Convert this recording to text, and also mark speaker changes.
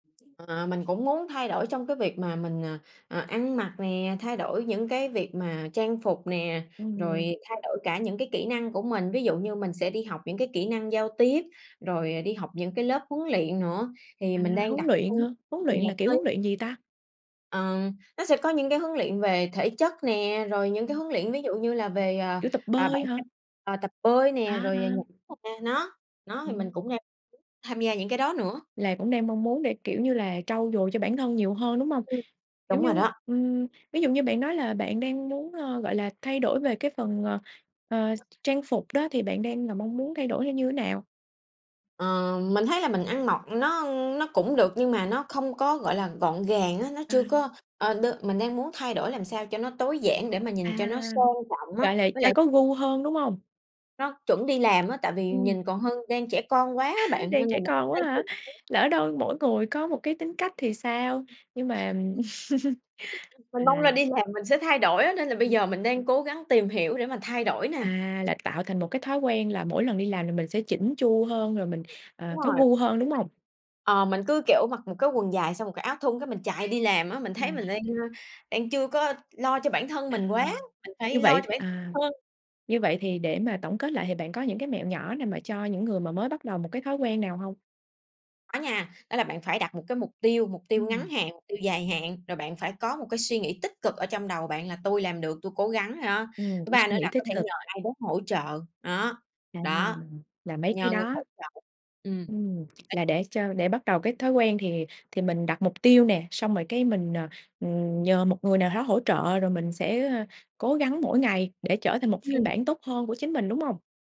Speaker 1: Ờ, mình cũng muốn thay đổi trong cái việc mà mình, à, à, ăn mặc nè, thay đổi những cái việc mà trang phục nè,
Speaker 2: Ừm.
Speaker 1: rồi thay đổi cả những cái kỹ năng của mình, ví dụ như mình sẽ đi học những cái kỹ năng giao tiếp, rồi đi học những cái lớp huấn luyện nữa thì
Speaker 2: À,
Speaker 1: mình đang
Speaker 2: huấn
Speaker 1: đặt
Speaker 2: luyện
Speaker 1: hơi
Speaker 2: hả? Huấn
Speaker 1: nhiều
Speaker 2: luyện là
Speaker 1: mục
Speaker 2: kiểu huấn
Speaker 1: tiêu
Speaker 2: luyện gì ta?
Speaker 1: Ờ, nó sẽ có những cái huấn luyện về thể chất nè, rồi những cái
Speaker 2: Ừm.
Speaker 1: huấn luyện ví dụ như là về, à,
Speaker 2: Kiểu tập
Speaker 1: à, bản
Speaker 2: bơi hả?
Speaker 1: thân ờ, tập bơi nè
Speaker 2: À,
Speaker 1: rồi nh
Speaker 2: à.
Speaker 1: a, nó nó thì mình
Speaker 2: Ừm.
Speaker 1: cũng đang muốn tham gia những cái đó nữa.
Speaker 2: Là cũng đang mong muốn để, kiểu như là, trau dồi cho bản thân nhiều hơn, đúng hông?
Speaker 1: Ừm.
Speaker 2: Kiểu
Speaker 1: Đúng rồi
Speaker 2: như
Speaker 1: đó.
Speaker 2: ừm, ví dụ như bạn nói là bạn đang muốn, ơ, gọi là, thay đổi về cái phần, ờ, ờ, trang phục đó thì bạn đang là mong muốn thay đổi theo như thế nào?
Speaker 1: Ờ, mình thấy là mình ăn mọt nó nó cũng được nhưng mà nó không có, gọi là, gọn gàng á, nó
Speaker 2: À.
Speaker 1: chưa có ờ, được mình đang muốn thay đổi làm sao cho nó tối giản để mà
Speaker 2: À,
Speaker 1: nhìn cho nó sang trọng á,
Speaker 2: gọi là
Speaker 1: với
Speaker 2: cho
Speaker 1: lại
Speaker 2: có gu hơn, đúng hông?
Speaker 1: nó chuẩn đi làm á, tại vì
Speaker 2: Ừm.
Speaker 1: nhìn còn hơn đang trẻ con quá á bạn,
Speaker 2: Đang
Speaker 1: nên là
Speaker 2: trẻ
Speaker 1: mình cũng
Speaker 2: con quá
Speaker 1: đang
Speaker 2: hả?
Speaker 1: tìm
Speaker 2: Lỡ
Speaker 1: kiếm
Speaker 2: đâu mỗi người có một cái tính cách thì sao? Nhưng mà À.
Speaker 1: Mình mong là đi làm mình sẽ thay đổi á, nên là bây
Speaker 2: Ừm.
Speaker 1: giờ mình đang cố gắng tìm hiểu để mà thay đổi nè.
Speaker 2: À, là tạo thành một cái thói quen là mỗi lần đi làm là mình sẽ chỉn chu hơn, rồi mình,
Speaker 1: Ừm.
Speaker 2: ờ,
Speaker 1: Đúng
Speaker 2: có
Speaker 1: rồi.
Speaker 2: gu hơn, đúng
Speaker 1: [unintelligible]
Speaker 2: hông?
Speaker 1: Ờ, mình cứ kiểu mặc một cái quần dài xong một cái áo thun cái mình chạy đi làm á, mình thấy mình
Speaker 2: À.
Speaker 1: đang, ơ, đang chưa có lo cho bản thân
Speaker 2: À.
Speaker 1: mình quá, mình
Speaker 2: Như
Speaker 1: phải
Speaker 2: vậy
Speaker 1: lo cho
Speaker 2: thì
Speaker 1: bản
Speaker 2: à,
Speaker 1: hơn.
Speaker 2: như vậy thì để mà tổng kết lại thì bạn có những cái mẹo nhỏ nào mà cho những người mà mới bắt đầu một cái thói quen nào hông?
Speaker 1: Có nha. Đó là bạn phải đặt một cái mục tiêu, mục tiêu ngắn
Speaker 2: Ừm.
Speaker 1: hạn, mục tiêu dài hạn, rồi bạn phải có một cái suy nghĩ tích cực ở trong đầu bạn là tui làm được, tui cố gắng đó,
Speaker 2: Ừm,
Speaker 1: thứ
Speaker 2: để
Speaker 1: ba
Speaker 2: suy
Speaker 1: nữa
Speaker 2: nghĩ
Speaker 1: là
Speaker 2: tích
Speaker 1: có thể
Speaker 2: cực.
Speaker 1: nhờ ai đó hỗ trợ, đó,
Speaker 2: À,
Speaker 1: đó,
Speaker 2: là mấy cái
Speaker 1: nhờ người
Speaker 2: đó.
Speaker 1: hỗ trợ. Ừm,
Speaker 2: Ừm,
Speaker 1: đấy
Speaker 2: là để cho để bắt đầu cái thói quen thì thì mình đặt mục tiêu nè, xong rồi cái mình, ờ, ừm, nhờ một người nào đó hỗ trợ rồi mình sẽ cố gắng mỗi ngày để trở thành một phiên
Speaker 1: Ừm.
Speaker 2: bản tốt hơn của chính mình, đúng hông?